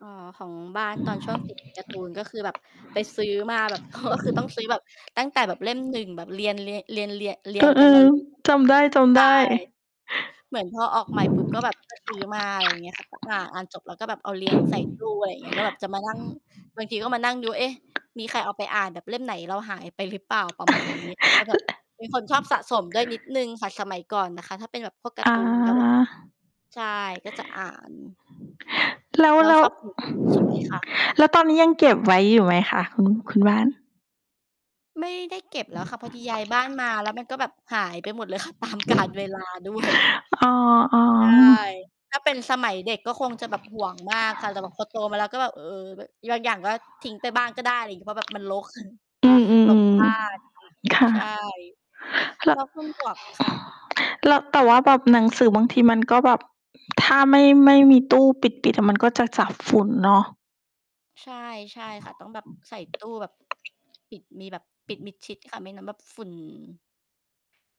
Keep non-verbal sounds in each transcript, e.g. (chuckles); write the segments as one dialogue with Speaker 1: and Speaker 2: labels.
Speaker 1: อ๋อ ของบ้านตอนช่วงติดการ์ตูนก็คือแบบไปซื้อมาแบบ โอ้ ก็คือต้องซื้อแบบ ตั้งแต่แบบเล่ม 1 แบบเรียน เรียน เรียน เรียน เรี
Speaker 2: เอ
Speaker 1: ยงกันม
Speaker 2: อ
Speaker 1: า เลยแล้ว
Speaker 2: ๆ จ
Speaker 1: แบบ
Speaker 2: ำไ
Speaker 1: ใช
Speaker 2: ด
Speaker 1: ่
Speaker 2: ้ ๆ
Speaker 1: เหมือนพอออกใหม่ปุ๊บก็แบบ ก็ซื้อ มา อะไร อย่างเงี้ยค่ะ อ่าน อ่านจบแล้วก็แบบเอาเรียงใส่ตู้ไว้ อย่างเงี้ย ก็แบบจะมานั่ง บางทีก็มานั่งดู "เอ๊ะ! มีใครเอาไปอ่าน? แบบเล่มไหนเราหายไปหรือเปล่า?" ประมาณนี้ แล้วก็แบบ
Speaker 2: (laughs)
Speaker 1: เป็นคนชอบสะสมด้วยนิดหนึ่งค่ะ ส สมัยก่อนนะคะ ถ้าเป็นแบบพวกการ์
Speaker 2: อา
Speaker 1: ตูนกับ (unintelligible) ใช่ ก็จะอ่าน
Speaker 2: แล้ว
Speaker 1: แล้
Speaker 2: แล
Speaker 1: ว
Speaker 2: ้
Speaker 1: ช
Speaker 2: ว
Speaker 1: อบ ทำให้ สวย ๆ ค่ะ
Speaker 2: แล้วตอนนี้ยังเก็บไว้อยู่ไหมคะคุณ คุณบ้าน?
Speaker 1: ไม่ได้เก็บแล้วค่ะ พอดีย้าย บ้านมา แล้วมันก็แบบหายไปหมดเลยค่ะ ตามกาลเวลาด้วย
Speaker 2: อ๋อ
Speaker 1: ใช่ ถ้าเป็นสมัยเด็กก็คงจะแบบหวงมากค่ะ แต่แบบพอโตมาแล้วก็แบบ เ
Speaker 2: ๆ
Speaker 1: ออ บางอย่างก็ทิ้งไปบ้างก็ได้ อะไรงี้ เพราะแบบมันรก (chuckles)
Speaker 2: อื
Speaker 1: รก
Speaker 2: ม
Speaker 1: บ้า
Speaker 2: ๆ
Speaker 1: น ค่ะ
Speaker 2: ๆ ค่ะ
Speaker 1: ใช่
Speaker 2: ล
Speaker 1: แล้วคุณหมวก ค่ะ
Speaker 2: แล้ว แต่ว่าแบบหนังสือบางทีมันก็แบบ ถ้าไม่ ไม่มีตู้ปิด ปิดอะมันก็จะจับฝุ่นเนาะ
Speaker 1: ใช่ ใช่ค่ะ ต้องแบบใส่ตู้แบบ ปิด มีแบบปิดมิดชิดค่ะ ไม่นั้นแบบฝุ่น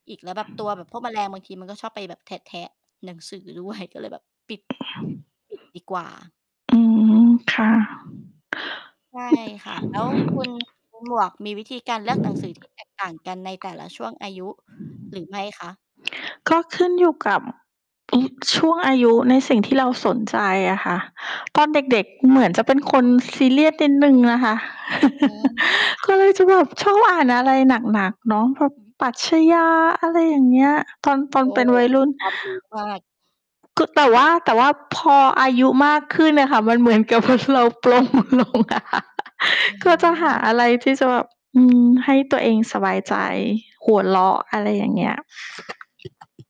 Speaker 1: อีกแล้วแบบตัวแบบพวกแมลงบางทีมันก็ชอบไปแบบแทะ ๆ หนังสือ ด้วย ก็เลยแบบปิด ปิดดีกว่า
Speaker 2: อืม ค่ะ
Speaker 1: ใช่ค่ะ แล้วคุณ คุณหมวกมีวิธีการเลือกหนังสือ ที่ แตกต่างกันในแต่ละช่วงอายุหรือไม่คะ?
Speaker 2: ก็ขึ้นอยู่กับ อืม ช่วงอายุในสิ่งที่เราสนใจอะค่ะ ตอนเด็ก ๆ เหมือนจะเป็นคนซีเรียสนิดหนึ่งน่ะค่ะ
Speaker 1: อ๋อ
Speaker 2: (laughs)
Speaker 1: ค่
Speaker 2: ก
Speaker 1: ะ
Speaker 2: ็เลยจะแบบชอบอ่านอะไรหนัก ๆ เนาะ พวกปรัชญา อะไรอย่างเงี้ย ตอน ตอน
Speaker 1: โอ้
Speaker 2: เป็นวัยรุ่น
Speaker 1: ความรู้มาก
Speaker 2: ก แต่ว่า แต่ว่าพออายุมากขึ้นน่ะค่ะ มันเหมือน กับว่าเราปลงลงอะ
Speaker 1: อื
Speaker 2: ก็จะหา
Speaker 1: ม
Speaker 2: อะไรที่จะแบบ อืม ให้ตัวเองสบายใจ หัวเราะอะไรอย่างเงี้ย